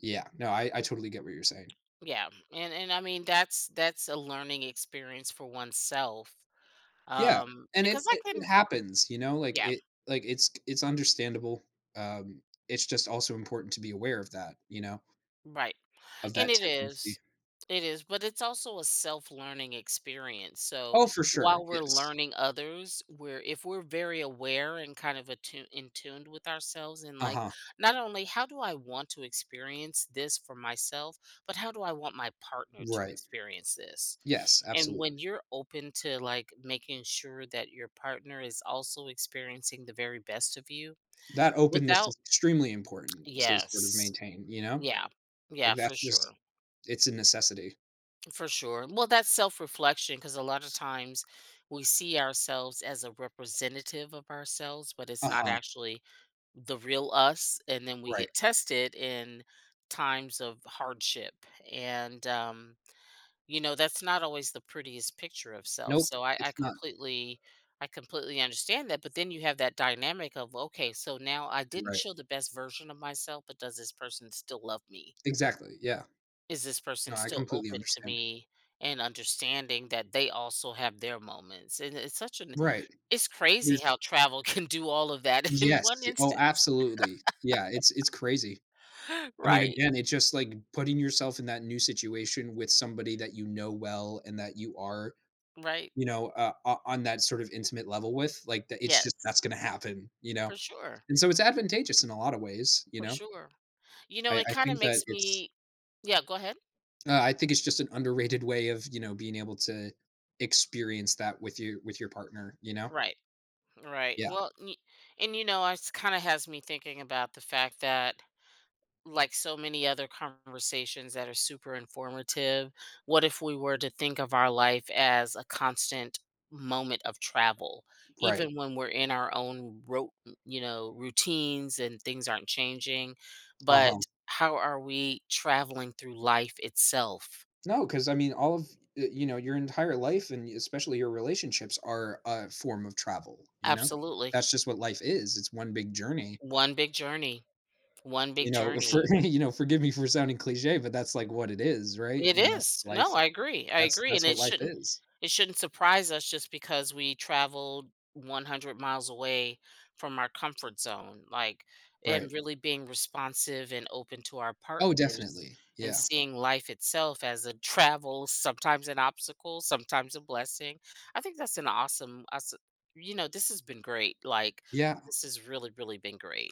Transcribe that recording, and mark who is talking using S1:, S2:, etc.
S1: Yeah, no, I I totally get what you're saying.
S2: Yeah, and and I mean, that's that's a learning experience for oneself,
S1: Yeah,
S2: um,
S1: and it
S2: because I
S1: it it
S2: couldn't,
S1: happens, you know, like,
S2: yeah.
S1: it like, it's it's understandable, um, it's just also important to be aware of that, you know
S2: Right,
S1: of
S2: and
S1: that
S2: it is,
S1: tendency.
S2: it is, but it's also a self-learning experience, so
S1: Oh, for sure,
S2: while we're
S1: yes.
S2: learning others, we're if we're very aware and kind of atu in tuned with ourselves and, like,
S1: Uh-huh.
S2: not only, "How do I want to experience this for myself, but how do I want my partner to
S1: Right.
S2: experience this?"
S1: Yes,
S2: And
S1: absolute.
S2: when you're open to, like, making sure that your partner is also experiencing the very best of you
S1: That openness
S2: without
S1: is extremely important to sort of
S2: Yes.
S1: maintain, you know?
S2: Yeah, yeah,
S1: Like,
S2: for
S1: that's
S2: sure.
S1: just it's a necessity.
S2: For sure. Well, that's self-reflection 'cause a lotta times we see ourselves as a representative of ourselves, but it's not
S1: Uh-huh.
S2: actually the real us and then we
S1: Right.
S2: get tested in times of hardship, and, um, you know, that's not always the prettiest picture of self.
S1: Nope,
S2: So I I
S1: it's not.
S2: completely I completely understand that, but then you have that dynamic of, "Okay, so now I didn't
S1: Right.
S2: show the best version of myself, but does this person still love me?"
S1: Exactly, yeah.
S2: "Is this person
S1: No, I
S2: still
S1: completely
S2: open to
S1: understand.
S2: me," and understanding that they also have their moments? And it's such an
S1: Right.
S2: it's crazy how
S1: There's
S2: travel can do all of that in one
S1: Yes, oh,
S2: instance.
S1: absolutely. Yeah, it's it's crazy. I mean,
S2: Right.
S1: again, it's just like putting yourself in that new situation with somebody that you know well and that you are,
S2: Right.
S1: you know, uh uh, on that sort of intimate level with, like, that it's just
S2: Yes.
S1: that's gonna happen, you know?
S2: For sure.
S1: And so it's advantageous in a lotta ways, you
S2: For
S1: know?
S2: sure. You know,
S1: I
S2: it
S1: I
S2: kinda
S1: think that
S2: makes
S1: it's
S2: me Yeah, go ahead.
S1: Uh, I think it's just an underrated way of, you know, being able to experience that with you with your partner, you know? Yeah.
S2: Right, right.
S1: Yeah.
S2: Well, y and you know, is kinda has me thinking about the fact that like so many other conversations that are super informative, what if we were to think of our life as a constant moment of travel,
S1: Right.
S2: even when we're in our own rou you know, routines and things aren't changing, but
S1: Uh-huh.
S2: how are we traveling through life itself?
S1: No, 'cause, I mean, all of, eh, you know, your entire life and especially your relationships are a form of travel, you know?
S2: Absolutely.
S1: That's just what life is; It's one big journey.
S2: One big journey, one
S1: You
S2: big
S1: know, for
S2: journey.
S1: you know, forgive me for sounding cliche, but that's, like, what it is, right,
S2: It
S1: you know,
S2: is, no,
S1: life
S2: I agree, I
S1: that's
S2: agree,
S1: that's
S2: and
S1: what
S2: it
S1: life
S2: shouldn't
S1: is.
S2: it shouldn't surprise us just because we traveled 100 miles away from our comfort zone, like,
S1: Right.
S2: and really being responsive and open to our
S1: Oh,
S2: partners
S1: definitely,
S2: and
S1: yeah.
S2: seeing life itself as a travel, sometimes an obstacle, sometimes a blessing. I think that's an awesome, aweso you know, this has been great, like,
S1: Yeah.
S2: this has really, really been great.